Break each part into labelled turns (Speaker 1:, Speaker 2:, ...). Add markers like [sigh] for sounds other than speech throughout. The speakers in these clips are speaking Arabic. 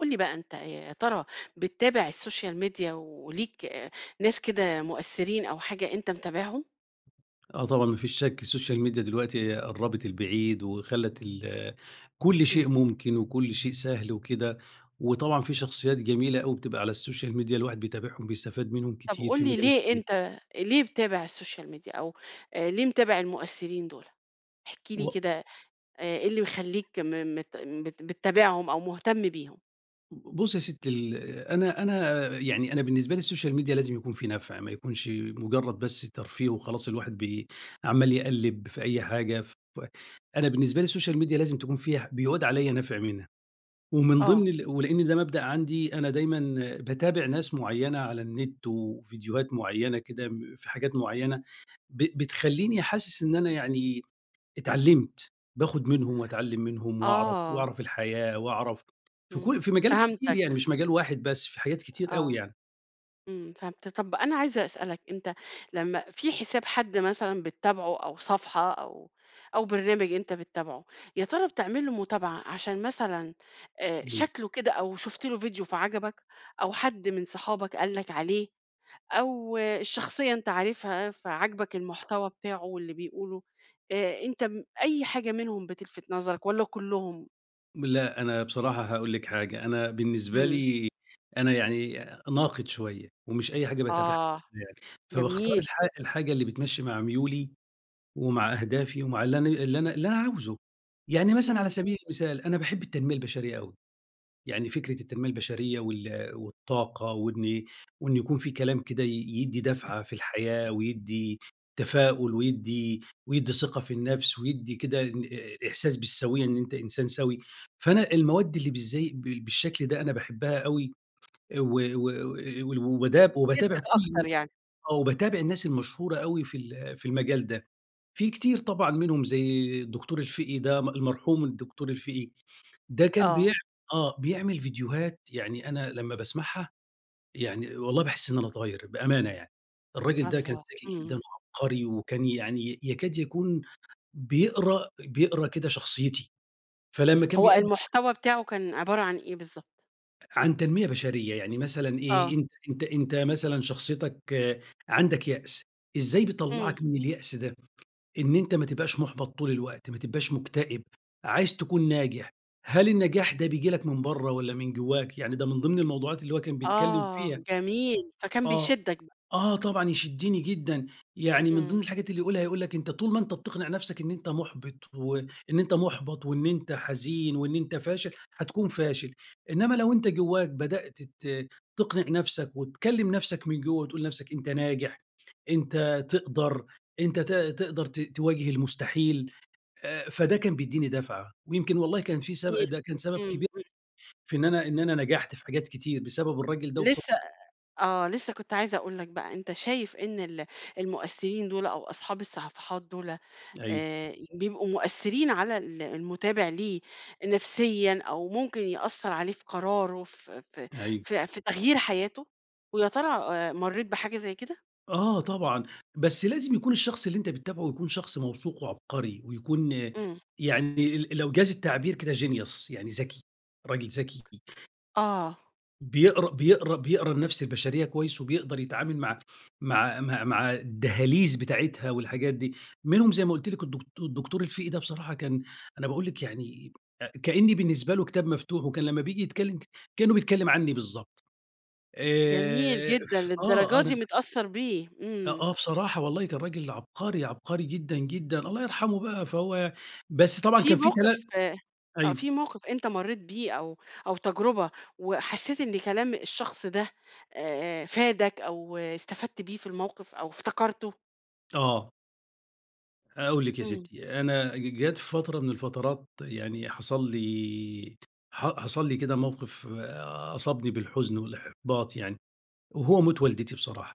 Speaker 1: قُل لي بقى أنت ي يا ترى بتتابع السوشيال ميديا وليك ناس كده مؤثرين أو حاجة أنت متابعهم؟
Speaker 2: آه طبعًا ما فيش شك السوشيال ميديا دلوقتي قربت البعيد وخلّت ال كل شيء
Speaker 1: إمم.
Speaker 2: ممكن وكل شيء سهل وكده، وطبعًا في شخصيات جميلة أوي بتبقى على السوشيال ميديا الواحد بيتابعهم بيستفاد منهم
Speaker 1: طب
Speaker 2: كتير
Speaker 1: قُل
Speaker 2: في
Speaker 1: لي
Speaker 2: مجالات
Speaker 1: ليه
Speaker 2: كتير.
Speaker 1: أنت ليه بتتابع السوشيال ميديا أو آآ ليه متابع المؤثرين دول؟ احكِ لي
Speaker 2: و
Speaker 1: كده آآ إيه اللي مخلّيك م مت بت بتتابعهم أو مُهتم بيهم.
Speaker 2: ب بُصّي يا ستي ال أنا أنا يعني أنا بالنسبة لي السوشيال ميديا لازم يكون فيه نفع ما يكونش مجرد بس ترفيه وخلاص الواحد بي عمال يقلِّب في أي حاجة ف أنا بالنسبة لي السوشيال ميديا لازم تكون فيها ح بيعود عليَّ نفع منها، ومن
Speaker 1: آه.
Speaker 2: ضمن ال ولأن ده مبدأ عندي أنا دايمًا باتابع ناس مُعيّنة على النت وفيديوهات مُعيّنة كده م في حاجات مُعيّنة ب بتخلّيني حاسس إن أنا يعني اتعلمت، باخد منهم وأتعلم منهم وأعرف
Speaker 1: آه.
Speaker 2: وأعرف الحياة وأعرف في
Speaker 1: إمم،
Speaker 2: كلّ في مجالات كتير يعني
Speaker 1: فهمتك.
Speaker 2: مش مجال واحد بس، في حاجات كتير أوي
Speaker 1: آه،
Speaker 2: يعني.
Speaker 1: إمم، فهمت. طب أنا عايزة أسألك أنت لمّا في حساب حد مثلًا بتتابعه أو صفحة أو أو برنامج أنت بتتابعه، يا ترى بتعمل له متابعة عشان مثلًا آآ
Speaker 2: أيوه.
Speaker 1: شكله كده أو شُفت له فيديو فعجبك أو حد من صحابك قال لك عليه أو الشخصية أنت عارفها فعجبك المحتوى بتاعه واللي بيقوله؟ آآ أنت م أي حاجة منهم بتلفت نظرك والّا كلّهم؟
Speaker 2: لأ. أنا بصراحة هاقول لك حاجة. أنا بالنسبة
Speaker 1: إمم.
Speaker 2: لي أنا يعني ناقد شوية ومش أي حاجة باتابعها
Speaker 1: آه.
Speaker 2: يعني. فباختار
Speaker 1: جميل.
Speaker 2: الحا الحاجة اللي بتمشّي مع ميولي ومع أهدافي ومع اللي أنا اللي أنا اللي أنا عاوزه. يعني مثلًا على
Speaker 1: إمم.
Speaker 2: سبيل المثال، أنا باحب التنمية البشرية أوي. يعني فكرة التنمية البشرية وال والطاقة وإن وإن يكون في كلام كده ي يدّي دفعة في الحياة ويدّي تفاؤل ويدّي ويدّي ثقة في النفس ويدّي كده إن أ إحساس بالسويّة إن أنت إنسان سَوِي. فأنا المواد اللي بالزي بالشكل ده أنا باحبّها أوي. أ و و و وال وباداب
Speaker 1: دي
Speaker 2: وباتابع
Speaker 1: بتشدّك
Speaker 2: كل
Speaker 1: أكتر يعني.
Speaker 2: آه. وباتابع الناس المشهورة أوي في ال في المجال ده. في كتير طبعًا منهم زي الدكتور الفِقِي ده، المرحوم الدكتور الفِقِي. ده كان بيع
Speaker 1: آه.
Speaker 2: آه. بيعمل فيديوهات يعني أنا لمّا باسمعها، يعني والله باحس إن باتغيّر بأمانة يعني. الرَّاجل ده كان
Speaker 1: الله،
Speaker 2: ذكي جدًا
Speaker 1: إمم.
Speaker 2: وعبقري وكان يعني يكاد يكون بيقرا بيقرا كده شخصيتي. فلمّا كان
Speaker 1: هو
Speaker 2: بيأد
Speaker 1: المحتوى بتاعه كان عبارة عن إيه بالضبط؟
Speaker 2: عن تنمية بشرية، يعني مثلًا إيه،
Speaker 1: آه.
Speaker 2: أنت أنت أنت مثلًا شخصيتك عندك يأس إزاي
Speaker 1: امم.
Speaker 2: بيطلّعك من اليأس ده، إن أنت ما تبقاش مُحبَط طول الوقت، ما تبقاش مكتئب عايز تكون ناجح، هل النجاح ده بييجي لك من بّره والَّا من جوّاك، يعني ده من ضمن الموضوعات اللي هو كان بيتكلّم
Speaker 1: آه،
Speaker 2: فيها،
Speaker 1: جميل فكان
Speaker 2: آه،
Speaker 1: بيشدك بقى.
Speaker 2: آه طبعًا يشدّني جدًا، يعني من ضمن
Speaker 1: امم.
Speaker 2: الحاجات اللي يقولها، يقول لك أنت طول ما أنت بتقنع نفسك إن أنت محبِط وإن أنت محبَط وإن أنت حزين وإن أنت فاشل، هتكون فاشل، إنّما لو أنت جوّاك بدأت ت تقنع نفسك، وتكلّم نفسك من جوّه، وتقول لنفسك أنت ناجح، أنت تقدر، أنت ت تقدر ت تواجه المستحيل، فده كان بيديني دفعة ويمكن والله كان في سب
Speaker 1: جميل،
Speaker 2: ده كان سبب
Speaker 1: امم،
Speaker 2: كبير
Speaker 1: امم.
Speaker 2: في إن أنا إن أنا نجحت في حاجات كتير، بسبب الراجل ده وبص
Speaker 1: لسه، آآ، آه، لسه كنت عايزة أقول لك بقى، أنت شايف إن ال المؤثرين دولَ أو أصحاب الصفحات دولَ،
Speaker 2: أيوه.
Speaker 1: آآ بيبقوا مؤثرين على ال المتابع ليه نفسيًا أو ممكن يأثّر عليه في قرارُه في في
Speaker 2: أيوه
Speaker 1: في في تغيير حياته؟ ويا ترى آآ، مرّيت بحاجة زي كده؟
Speaker 2: آه طبعًا، بس لازم يكون الشخص اللي أنت بتتابعه يكون شخص موثوق وعبقري ويكون،
Speaker 1: امم.
Speaker 2: يعني ال لو جاز التعبير كده genius يعني ذكي، راجل ذكي.
Speaker 1: آه.
Speaker 2: بيقرا بيقرا بيقرا النفس البشرية كويس وبيقدَر يتعامل مع مع مع مع الدهاليز بتاعتها والحاجات دي. مِنهم زي ما قلت لِك الدك الدكتور الفقي ده بصراحة كان أنا باقول لِك يعني كأني بالنسبة له كتاب مفتوح، وكان لما بييجي يتكلّم كأنه بيتكلّم عني بالضبط.
Speaker 1: جميل
Speaker 2: آآ،
Speaker 1: جدًا،
Speaker 2: ف آه،
Speaker 1: للدرجة
Speaker 2: أنا
Speaker 1: دي متأثّر بيه!
Speaker 2: أ
Speaker 1: امم.
Speaker 2: آه بصراحة، والله كان راجل عبقري، عبقري جدًا، جدًا، الله يرحمه بقى فهو بس طبعًا
Speaker 1: في
Speaker 2: كان في تلا
Speaker 1: موقِف آه،
Speaker 2: أيوه.
Speaker 1: في موقِف أنت مرّيت بيه أو أو تجربة وحسّيت إن كلام الشخص ده آآ، فادك أو استفدت بيه في الموقِف أو افتكرته؟
Speaker 2: آه. هاقول لِك يا
Speaker 1: امم.
Speaker 2: ستّي، أنا ج جات فترة من الفترات يعني حصل لي، ح حصل لي كده موقِف أصابني بالحزن والإحباط يعني، وهو موت والدتي بصراحة.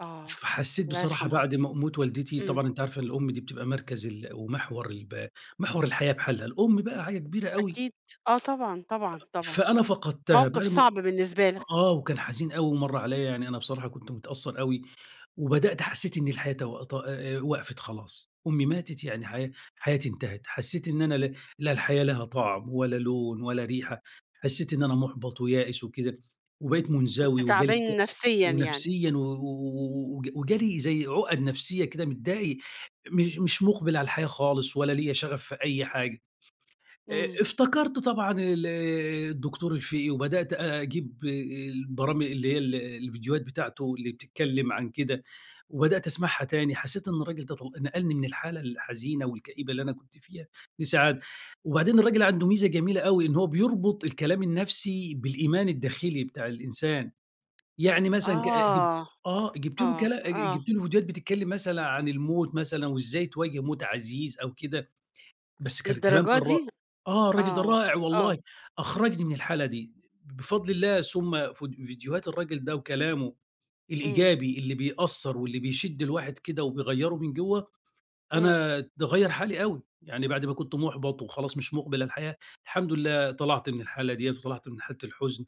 Speaker 1: آه،
Speaker 2: فحسيت
Speaker 1: الله
Speaker 2: بصراحة
Speaker 1: يرحمها.
Speaker 2: بعد ما موت والدتي،
Speaker 1: امم.
Speaker 2: طبعًا أنتِ عارفة الأم دي بتبقى مركَز ال ومحور الـب محور الحياة بحالها، الأم بقى حاجة كبيرة أوي.
Speaker 1: أكيد. آه طبعًا، طبعًا، طبعًا،
Speaker 2: فأنا فقدْتها،
Speaker 1: موقِف
Speaker 2: [unintelligible]
Speaker 1: صعب بالنسبة لك.
Speaker 2: آه، وكان حزين أوي ومَرّ عليَّ يعني أنا بصراحة كنت متأثّر أوي وبدأت حسّيت إني الحياة تو ت أ وقفِت خلاص، أمي ماتت يعني حيا حياتي انتهت. حسّيت إن أنا ل لا الحياة لها طَعم ولا لون ولا ريحة، حسّيت إن أنا مُحبَط ويائس وكده وبقيت
Speaker 1: كنت
Speaker 2: منزوي وجالي إكت
Speaker 1: تعبان نفسيًا يعني.
Speaker 2: ونفسيًا و و وج وجالي زي عُقَد نفسيّة كده، متضايق، مش مش مُقبِل على الحياة خالص ولا ليَّ شغف في أي حاجة. آآ
Speaker 1: امم.
Speaker 2: افتكرْت طبعًا ال الدكتور الفقي وبدأت أجيب آآ البرام اللي هي ال الفيديوهات بتاعته اللي بتتكلم عن كده وبدأت أسمعها تاني، حسّيت إن الرجل ده طل نقَلني من الحالة الحزينة والكئيبة اللي أنا كنت فيها لسعادة، وبعدين الراجل عنده ميزة جميلة أوي، إن هو بيربُط الكلام النفسي بالإيمان الداخلي بتاع الإنسان، يعني مثلًا ك ج
Speaker 1: آه،
Speaker 2: آه، جِيبت له
Speaker 1: آه،
Speaker 2: كلا أ ج
Speaker 1: آه.
Speaker 2: جِيبت له فيديوهات بتتكلّم مثلًا عن الموت مثلًا وإزاي تواجه موت عزيز أو كده، بس كان كلام
Speaker 1: للدرجة
Speaker 2: كان را
Speaker 1: دي؟!
Speaker 2: آه، الراجل ده
Speaker 1: آه،
Speaker 2: رائع
Speaker 1: آه.
Speaker 2: والله، أخرَجني من الحالة دي، ب بفضْل الله ثُم ف فيديوهات الراجل ده وكلامه
Speaker 1: امم.
Speaker 2: الإيجابي اللي بيأثّر واللي بيشد الواحد كده وبيغيّره من جوَّه،
Speaker 1: امم.
Speaker 2: أنا ده غيّر حالي أوي، يعني بعد ما كنت محبَط وخلاص مش مقبِل على الحياة، الحمد لله طلَعت من الحالة دِيَّة وطلَعت من حالة الحُزن.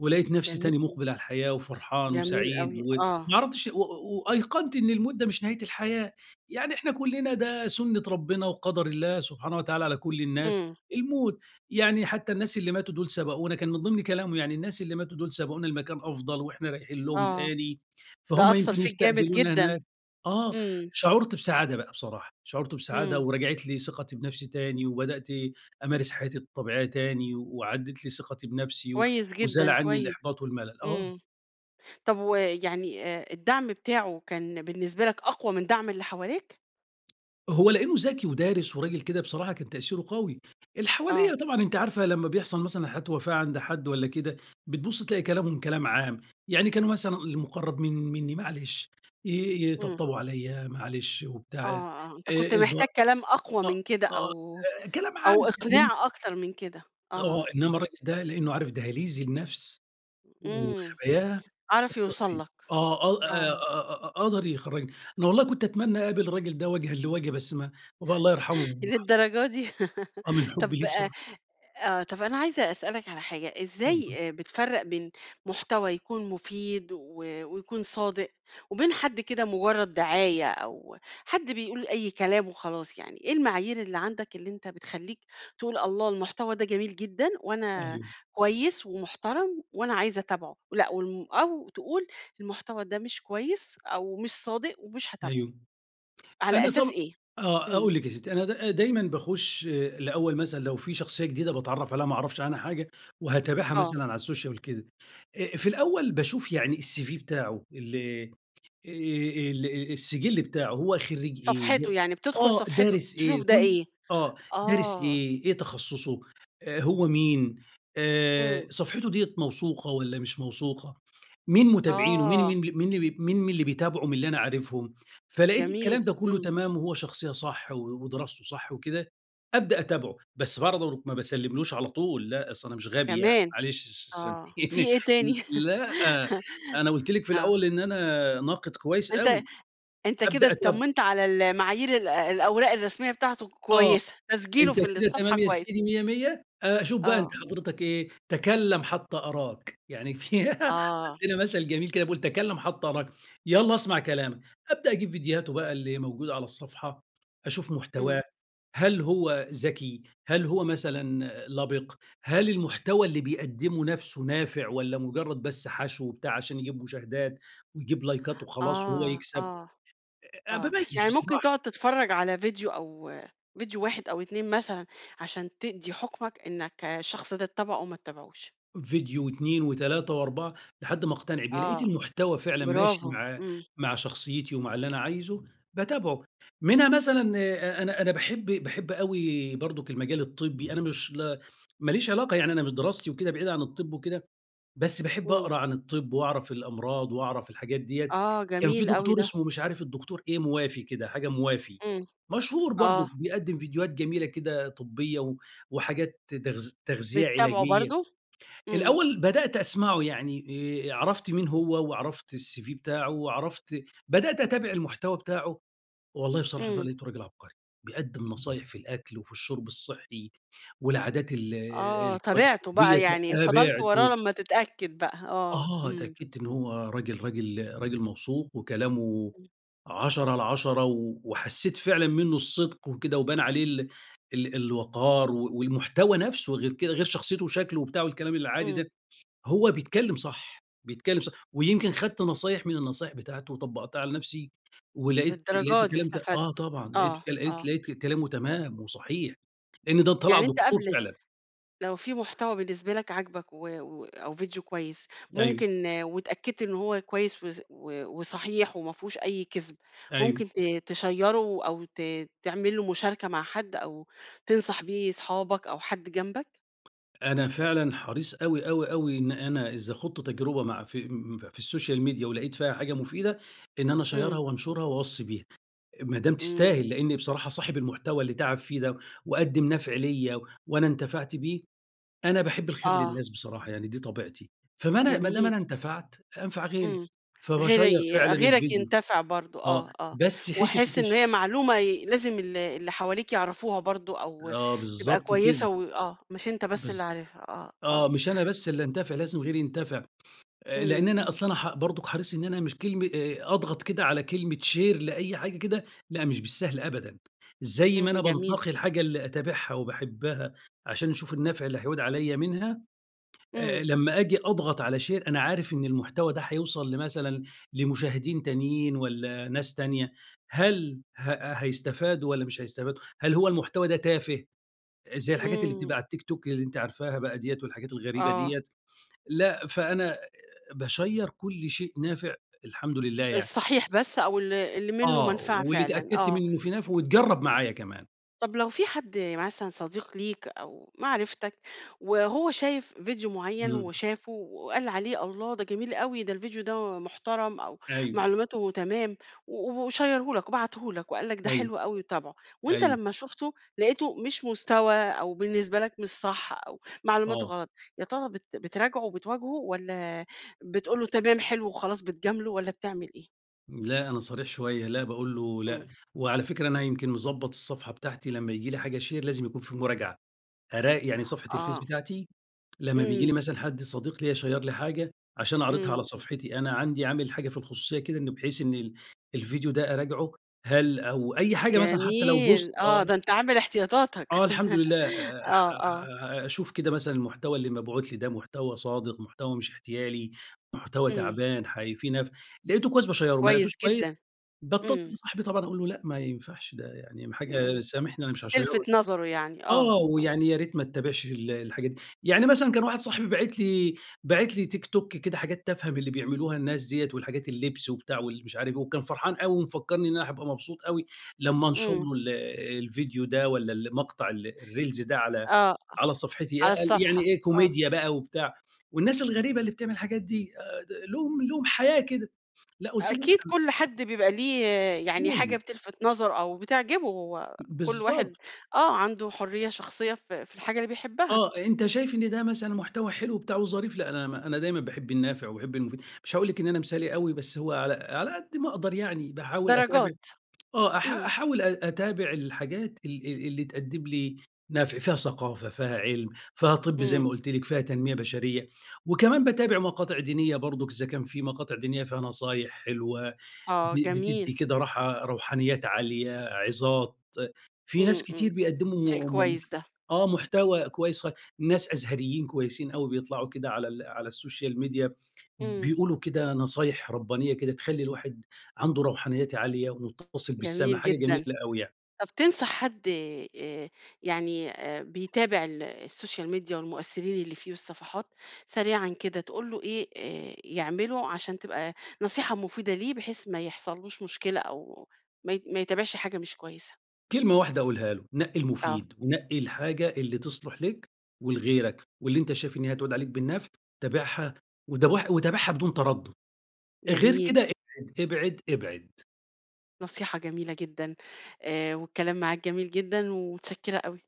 Speaker 2: ولقيت نفسي تاني
Speaker 1: جميل.
Speaker 2: مُقبِل على الحياة وفرحان
Speaker 1: جميل
Speaker 2: وسعيد
Speaker 1: أوي.
Speaker 2: وما
Speaker 1: آه.
Speaker 2: عرفتش و و وأيقنْت إن الموت ده مش نهاية الحياة، يعني إحنا كُلّنا ده سُنّة ربنا وقدَر الله سبحانه وتعالى على
Speaker 1: م
Speaker 2: كل الناس
Speaker 1: امم.
Speaker 2: الموت، يعني حتى الناس اللي ماتوا دول سبقونا، كان من ضِمن كلامه يعني الناس اللي ماتوا دول سبقونا لمكان أفضَل وإحنا رايحين لهم
Speaker 1: آه.
Speaker 2: تاني،
Speaker 1: ده
Speaker 2: فهُم
Speaker 1: أثّر
Speaker 2: يمكن
Speaker 1: فيك جامد
Speaker 2: يستقبلونا
Speaker 1: جدًا.
Speaker 2: هناك. آه،
Speaker 1: امم.
Speaker 2: شعُرت بسعادة بقى بصراحة، شعُرت بسعادة
Speaker 1: امم.
Speaker 2: ورجَعِت لي ثقتي بنفْسي تاني وبدأت أمارس حياتي الطبيعية تاني وعادت لي ثقتي بنفْسي
Speaker 1: كويس
Speaker 2: وزال
Speaker 1: جدًا،
Speaker 2: عني
Speaker 1: كويس،
Speaker 2: الإحباط والملل، آه.
Speaker 1: امم، طَب و يعني آآ، الدعْم بتاعه كان بالنسبة لك أقوى من دعْم اللي حواليك؟
Speaker 2: هو لإنه ذكي ودارس وراجل كده بصراحة كان تأثيره قوي. اللي حواليّا
Speaker 1: آه.
Speaker 2: طبعًا أنتِ عارفة لمّا بيحصل مثلًا حالة وفاة عند حد والّا كده، بتبُص تلاقي كلامهم كلام عام. يعني كان مثلًا المُقرّب من منّي معلش. ي
Speaker 1: إمم.
Speaker 2: يطبطبوا عليّا معلش
Speaker 1: آه،
Speaker 2: وبتاع. آآ
Speaker 1: آه. أنت كنت
Speaker 2: الب
Speaker 1: محتاج كلام أقوى
Speaker 2: أ أ
Speaker 1: من كده أو
Speaker 2: آآ كلام
Speaker 1: أو
Speaker 2: عام [unintelligible]
Speaker 1: إقناع أكتر من كده
Speaker 2: آه.
Speaker 1: آه،
Speaker 2: إنّما
Speaker 1: آه.
Speaker 2: الراجل ده لإنه عارف دَهَالِيز النفس
Speaker 1: إمم.
Speaker 2: وخباياها
Speaker 1: عرف
Speaker 2: أثّر
Speaker 1: يوصل
Speaker 2: فيّا
Speaker 1: لك.
Speaker 2: آه. أ أ
Speaker 1: آه.
Speaker 2: أ أ قدر يخرّجني. أنا والله كنت أتمنى أقابل الرجل ده وَجهًا لوَجه بس ما بابايا الله يرحمه محت
Speaker 1: للدرجة دي!
Speaker 2: آه من
Speaker 1: [laughs]
Speaker 2: حُبّي
Speaker 1: طب
Speaker 2: ليه
Speaker 1: أ
Speaker 2: بصراحة.
Speaker 1: آه. طب أنا عايزة أسألك على حاجة.
Speaker 2: اتفضّلي.
Speaker 1: إزاي أ بتفرّق بين محتوى يكون مُفيد و ويكون صادق، وبين حد كده مُجرّد دعاية أو حد بيقول أي كلام وخلاص يعني إيه المعايير اللي عندك اللي أنت بتخلّيك تقول، الله المحتوى ده جميل جدًا وأنا
Speaker 2: أيوه.
Speaker 1: كويس ومحترم وأنا عايز أتابعه؟ لأ والم أو تقول المحتوى ده مش كويس أو مش صادق ومش هاتابعه،
Speaker 2: أيوه.
Speaker 1: على
Speaker 2: أنا
Speaker 1: أساس
Speaker 2: طب
Speaker 1: إيه؟
Speaker 2: آه.
Speaker 1: إمم
Speaker 2: أقول لِك يا سِتّي. أنا د دايمًا باخُش الأول مثلًا لو في شخصية جديدة باتعرّف عليها ما أعرفش عنها حاجة، وهاتابعها
Speaker 1: آه.
Speaker 2: مثلًا على السوشيال وكده. أ في الأول باشوف يعني الCV بتاعه اللي آآ ال أ السجل بتاعه هو خرِّيج إيه
Speaker 1: صفحته
Speaker 2: ده
Speaker 1: يعني. بتدخل
Speaker 2: آه.
Speaker 1: صفحته
Speaker 2: دارس إيه؟
Speaker 1: تشوف ده
Speaker 2: كل
Speaker 1: إيه.
Speaker 2: آه. دارس
Speaker 1: آه.
Speaker 2: إيه؟ إيه تخصُّصه؟ أ هو مين؟ آآ
Speaker 1: إمم.
Speaker 2: صفحِته ديّة موثوقة والّا مش موثوقة؟ مين متابعينه مين
Speaker 1: آه.
Speaker 2: مين ب مين ال مين اللي بيتابعوا من اللي أنا عارفهم؟ فلقيت
Speaker 1: جميل.
Speaker 2: الكلام ده كُلّه
Speaker 1: إمم.
Speaker 2: تمام وهو شخصية صح و ودراسته صح وكده، أبدأ أتابعه. بس برضه ما باسلّملوش على طول لأ. أصل أنا مش غبي يعني
Speaker 1: كمان.
Speaker 2: معلش س
Speaker 1: آه.
Speaker 2: سامحيني
Speaker 1: في إيه تاني؟
Speaker 2: ل لأ، أنا قُلت
Speaker 1: [laughs]
Speaker 2: لِك في
Speaker 1: آه.
Speaker 2: الأول إن أنا ناقد كويس
Speaker 1: أنت
Speaker 2: أوي.
Speaker 1: أنت كده
Speaker 2: أبدأ أتابعه.
Speaker 1: اتطمنت على ال المعايير ال الأوراق الرسمية بتاعته
Speaker 2: آه.
Speaker 1: كويسة. تسجيله
Speaker 2: أنت
Speaker 1: في
Speaker 2: كده
Speaker 1: الصفحة
Speaker 2: تمام يا
Speaker 1: كويس.
Speaker 2: سيدي مِيّة مِيّة أ أشوف بقى أنت
Speaker 1: آه.
Speaker 2: حضرتك إيه؟ تَكلَّم حتّى أراك. يعني في [giggles]
Speaker 1: آه.
Speaker 2: عندنا مثل جميل كده بيقول تَكلَّم حتّى أراك. يالّا أسمع كلامك. أبدأ أجيب فيديوهاته بقى اللي موجودة على الصفحة، أشوف
Speaker 1: إمم.
Speaker 2: محتواه، هل هو ذكي؟ هل هو مثلًا لَبِق؟ هل المحتوى اللي بيقدّمه نفسه نافع والّا مُجرّد بس حَشْو وبتاع عشان يجيب مشاهدات، ويجيب لايكات وخلاص وهو
Speaker 1: آه،
Speaker 2: يكسب.
Speaker 1: آه،
Speaker 2: أ -أ
Speaker 1: آه.
Speaker 2: باميِّز
Speaker 1: يعني ممكن
Speaker 2: بصراحة.
Speaker 1: تقعد تتفرّج على فيديو أو فيديو واحد أو 2 مثلًا، عشان تدّي حُكمَك إنّك الشخص ده تتابعه أو ما تابعهوش.
Speaker 2: فيديو و2 و3 و4 لحد ما أقتنع بيه. لقيت
Speaker 1: آه.
Speaker 2: المحتوى فعلًا ماشي
Speaker 1: برافو.
Speaker 2: مع
Speaker 1: إمم.
Speaker 2: مع شخصيتي ومع اللي أنا عايزه، باتابعه. منها مثلًا أ أنا أنا باحب باحب أوي برضُك المجال الطبّي. أنا مش ل ماليش علاقة يعني أنا من دراستي وكده بعيد عن الطِب وكده، بس باحب
Speaker 1: إمم.
Speaker 2: أقرا عن الطِب وأعرف الأمراض وأعرف الحاجات ديّة.
Speaker 1: آه،
Speaker 2: كان في
Speaker 1: جميل أوي
Speaker 2: دكتور
Speaker 1: ده.
Speaker 2: اسمه مش عارف الدكتور إيه موافي كده، حاجة موافي.
Speaker 1: إمم.
Speaker 2: مشهور برضه
Speaker 1: آه.
Speaker 2: بيقدّم فيديوهات جميلة كده طبّية و وحاجات ت تغذ تغذية
Speaker 1: بتتابعه
Speaker 2: علاجية.
Speaker 1: برضه؟ إمم.
Speaker 2: الأول بدأت أسمعه. يعني آآ عرفت مين هو وعرفت الCV بتاعه وعرفت بدأت أتابع المحتوى بتاعه، والله بصراحة
Speaker 1: إمم.
Speaker 2: لقيته راجل عبقري. بيقدّم نصايح في الأكل، وفي الشُرب الصحّي والعادات ال
Speaker 1: آه. تابعته
Speaker 2: الطبّية
Speaker 1: بقى
Speaker 2: ت
Speaker 1: يعني فضلت
Speaker 2: تابعته.
Speaker 1: وراه لمّا تتأكد بقى آه.
Speaker 2: آه.
Speaker 1: إمم.
Speaker 2: اتأكدت إنه هو راجل راجل راجل موثوق، وكلامه
Speaker 1: إمم.
Speaker 2: عشرة على عشرة. و وحسّيت فعلًا منّه الصِدق وكده وبان عليه ال ال الوَقار، و والمحتوى نفسه غير كده غير شخصيته وشكله وبتاع الكلام العادي
Speaker 1: إمم.
Speaker 2: ده، هو بيتكلّم صح. بيتكلّم صح. ويمكن خدت نصايح من النصايح بتاعته وطبّقتها على نفسي ولقيت
Speaker 1: للدرجة
Speaker 2: لقيته
Speaker 1: دي
Speaker 2: كلام ت آه
Speaker 1: استفدت
Speaker 2: طبعًا. لقيت
Speaker 1: آه.
Speaker 2: لقيت
Speaker 1: آه.
Speaker 2: لقيت كلامه تمام وصحيح. لإن ده طَلع
Speaker 1: يعني أنت
Speaker 2: دكتور
Speaker 1: قبل
Speaker 2: فعلًا.
Speaker 1: لو في محتوى بالنسبة لك عجبك و و أو فيديو كويس
Speaker 2: أيوه.
Speaker 1: ممكن واتأكدت إن هو كويس وص و وصحيح وما فيهوش أي كذب،
Speaker 2: أيوه.
Speaker 1: ممكن ت تشيّره أو ت تعمل له مشاركة مع حد أو تنصح بيه صحابك أو حد جنبك؟
Speaker 2: أنا فعلًا حريص أوي، أوي، أوي إن أنا إذا خُضت تجربة مع في م في السوشيال ميديا ولقيت فيها حاجة مفيدة، إن أنا
Speaker 1: إمم.
Speaker 2: أشيّرها وأنشرها وأوصّي بيها. ما دام
Speaker 1: إمم.
Speaker 2: تستاهل، لإنّي بصراحة صاحب المحتوى اللي تعب فيه ده، وقدّم نَفع ليّا وأنا انتفعت بيه، أنا باحب الخير
Speaker 1: آه.
Speaker 2: للناس بصراحة يعني دي طبيعتي. فما أنا ما دام
Speaker 1: جميل.
Speaker 2: أنا انتفَعت أنفع غيري.
Speaker 1: إمم
Speaker 2: فباشيّر
Speaker 1: .غيري
Speaker 2: فعلًا
Speaker 1: غيرك
Speaker 2: الفيديو.
Speaker 1: ينتفع برضه
Speaker 2: آه.
Speaker 1: آه، آه.
Speaker 2: بس حتّة
Speaker 1: ويحس إن
Speaker 2: التش
Speaker 1: هي معلومة ي لازم ال اللي حواليك يعرفوها برضه أو
Speaker 2: آه
Speaker 1: تبقى
Speaker 2: بالضبط كده.
Speaker 1: كويسة وآه. مش أنت بس
Speaker 2: بالض
Speaker 1: اللي عارفها آه،
Speaker 2: آه.
Speaker 1: آه.
Speaker 2: مش أنا بس اللي أنتَفع لازم غيري ينتَفع. أ لإن
Speaker 1: إمم،
Speaker 2: أنا
Speaker 1: إمم.
Speaker 2: أصلًا ح برضُك حريص إن أنا مش كلمة أ أضغط كده على كلمة شير لأي حاجة كده، لأ مش بالسهل أبدًا. زي ما
Speaker 1: إمم،
Speaker 2: أنا
Speaker 1: جميل.
Speaker 2: بانتقي الحاجة اللي أتابعها وباحبها عشان أشوف النَفع اللي هيعود عليّا منها، أ
Speaker 1: إمم.
Speaker 2: أ لمّا أجي أضغط على شير أنا عارف إن المحتوى ده هيوصل لمثلًا لمشاهدين تانيين والّا ناس تانية، هل ه هيستفادوا والّا مش هيستفادوا؟ هل هو المحتوى ده تافه زي الحاجات اللي بتبقى
Speaker 1: إمم.
Speaker 2: على التيك توك اللي أنتِ عارفاها بقى ديّة والحاجات الغريبة
Speaker 1: آه.
Speaker 2: ديّة؟ لأ. فأنا باشيّر كل شيء نافع الحمد لله يعني.
Speaker 1: الصحيح بس أو ال اللي منّه
Speaker 2: آه.
Speaker 1: مَنفعة
Speaker 2: واللي
Speaker 1: فعلًا
Speaker 2: تأكدت
Speaker 1: آه.
Speaker 2: من إنه فيه نَفع واتجرّب معايا كمان.
Speaker 1: طب لو في حد مثلًا صديق ليك، أو معرفتك وهو شايف فيديو معيّن
Speaker 2: امم.
Speaker 1: وشافُه وقال عليه الله ده جميل أوي، ده الفيديو ده محترم أو
Speaker 2: أيوه.
Speaker 1: معلوماته تمام، و وشيّره لك وبعته لك، وقال لك ده
Speaker 2: أيوه،
Speaker 1: حلو أوي وتابعُه، وأنت
Speaker 2: أيوه.
Speaker 1: لما شفته لقيته مش مستوى أو بالنسبة لك مش صح، أو معلوماته
Speaker 2: آه.
Speaker 1: غلط، يا ترى بت بتراجعه وبتواجهه، والَّا بتقول له تمام حلو وخلاص بتجامله، والَّا بتعمل إيه؟
Speaker 2: لأ، أنا صريح شوية، لأ باقول له لأ،
Speaker 1: امم.
Speaker 2: وعلى فكرة أنا يمكن مضبّط الصفحة بتاعتي لما ييجي لي حاجة شير لازم يكون في مراجعة، أرا يعني صفحة الفيس
Speaker 1: آه.
Speaker 2: بتاعتي لمّا بييجي لي
Speaker 1: امم.
Speaker 2: مثلًا حد صديق ليّا شير لي حاجة عشان أعرضها على
Speaker 1: امم.
Speaker 2: صفحتي أنا، عندي عامل حاجة في الخصوصية كده إن بحيث إن ال الفيديو ده أراجعه هل أو أي حاجة مثلًا حتى لو بوست
Speaker 1: جميل، آه
Speaker 2: آه
Speaker 1: ده أنت عامل احتياطاتك
Speaker 2: آه الحمد لله
Speaker 1: [laughs]
Speaker 2: آآ،
Speaker 1: آه، آه.
Speaker 2: آآ، أشوف كده مثلًا المحتوى اللي مبعوت لي ده محتوى صادق، محتوى مش احتيالي، محتوى
Speaker 1: امم.
Speaker 2: تعبان، حي في نا لقيتُه كويس باشيره ما
Speaker 1: كويس
Speaker 2: لقيتوش كويس
Speaker 1: جدًا،
Speaker 2: باتصّل
Speaker 1: امم.
Speaker 2: بصاحبي طبعًا أقول له لأ ما ينفعش، ده يعني
Speaker 1: امم،
Speaker 2: حاجة سامحني أنا مش هاشيره
Speaker 1: تلفت نظرُه يعني،
Speaker 2: آه،
Speaker 1: آه، آه.
Speaker 2: ويعني يا ريت ما تتابعش ال الحاجات دي، يعني مثلًا كان واحد صاحبي باعت لي باعت لي تيك توك كده حاجات تافهة من اللي بيعملوها الناس ديَّة، والحاجات اللبس وبتاع والمش عارف إيه وكان فرحان أوي ومفكّرني أنا راح أبقى مبسوط أوي لمّا أنشر
Speaker 1: امم.
Speaker 2: له ال الفيديو ده والَّا المقطع ال الريلز ده، على،
Speaker 1: آه، آه
Speaker 2: على صفحتي يا
Speaker 1: على
Speaker 2: يعني
Speaker 1: الصفحة،
Speaker 2: إيه
Speaker 1: آه.
Speaker 2: كوميديا بقى وبتاع، والناس الغريبة اللي بتعمل الحاجات دي ل لهم لهم حياة كده، لأ قلت له لأ
Speaker 1: أكيد كل حد بيبقى ليه يعني حاجة
Speaker 2: [unintelligible]
Speaker 1: بتلفت نظرُه أو بتعجبه، و كل واحد
Speaker 2: بالضبط.
Speaker 1: آه عنده حرية شخصية ف في الحاجة اللي بيحبها.
Speaker 2: آه، أنت شايف إن ده مثلًا محتوى حلو وبتاع وظريف لأ أنا م أنا دايمًا باحب النافع وباحب المفيد، مش هاقول لك إن أنا مثالي أوي، بس هو على على قد ما أقدر يعني باحاول أتابع
Speaker 1: درجات،
Speaker 2: آه أح
Speaker 1: امم.
Speaker 2: أحاول أ أتابع الحاجات ال ال اللي تقدم لي نفع، فيها ثقافة، فيها علم، فيها طِب زي
Speaker 1: امم.
Speaker 2: ما قُلت لِك، فيها تنمية بشرية، وكمان باتابع مقاطع دينية برضه إذا كان في مقاطع دينية فيها نصايح حلوة،
Speaker 1: آه،
Speaker 2: ب
Speaker 1: جميل.
Speaker 2: بتدّي كده راحةK روحانيات عالية، عِظات، في ناس
Speaker 1: امم، امم،
Speaker 2: كتير
Speaker 1: شيء
Speaker 2: بيقدموا م
Speaker 1: كويس ده.
Speaker 2: آه محتوى كويس خا ناس أزهريين كويسين أوي بيطلعوا كده على على السوشيال ميديا
Speaker 1: امم.
Speaker 2: بيقولوا كده نصايح ربّانية كده تخلّي الواحد عنده روحانيات عالية ومتّصل بالسما،
Speaker 1: جميل
Speaker 2: حاجة جميلة
Speaker 1: جدًا،
Speaker 2: أوي يعني.
Speaker 1: طب تنصح حد آآ، يعني آآ، بيتابع ال الSocial Media والمؤثرين اللي فيه والصفحات، سريعًا كده تقول له إيه آآ، يعملُه عشان تبقى نصيحة مفيدة ليه بحيث ما يحصلش له مشكلة أو ما ي ما يتابعش حاجة مش كويسة؟
Speaker 2: كلمة واحدة اقولها له، نقّي
Speaker 1: آه.
Speaker 2: المفيد ونقّي الحاجة اللي تصلح لك ولغيرك، واللي أنت شايف إن هي هتعود عليك بالنفع، تابعها وت وتابعها بدون تردّد، غير
Speaker 1: جميل.
Speaker 2: كده ابعد، ابعد، ابعد.
Speaker 1: نصيحة جميلة جدًا آآ، والكلام معاك جميل جدًا، ومتشكّرة أوي.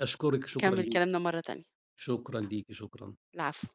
Speaker 2: أشكرِك، شكرًا
Speaker 1: نكمّل
Speaker 2: ليكِ،
Speaker 1: كلامنا مرة تانية،
Speaker 2: شكرًا ليكِ، شكرًا.
Speaker 1: العفو.